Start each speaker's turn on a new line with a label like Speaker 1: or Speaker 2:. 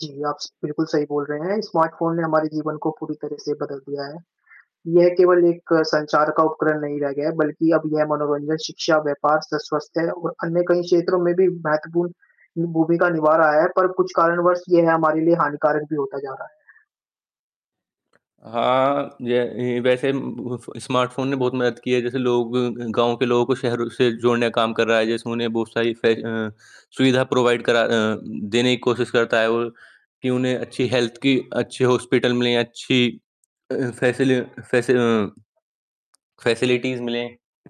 Speaker 1: जी, आप स बिल्कुल सही बोल रहे हैं, स्मार्टफ़ोन ने हमारे जीवन को पूरी तरह से बदल दिया है, यह केवल एक संचार का उपकरण नहीं रह गया है, बल्कि अब यह मनोरंजन, शिक्षा, व्यापार, स स्वस्थ है और अन्य कई क्षेत्रों में भी महत्वपूर्ण, ये भूमिका निभा रहा है पर कुछ कारणवश यह हमारे लिए हानिकारक भी होता जा रहा है।
Speaker 2: हाँ, य येही वैसे बुफ़ स्मार्टफ़ोन ने बहुत मदद की है, जैसे लोग ग गाँव के लोगों को शहरों से जोड़ने का काम कर रहा है, जैसे उन्हें बहुत सारी फै अ, सुविधा प्रोवाइड करा अ उम, देने की कोशिश करता है वो, कि उन्हें अच्छी हेल्थ की अच्छे हॉस्पिटल मिलें, अच्छी अ अ, फ़ैसले फ़ेसि अ, फ़ेसिलिटीज़ मिलें।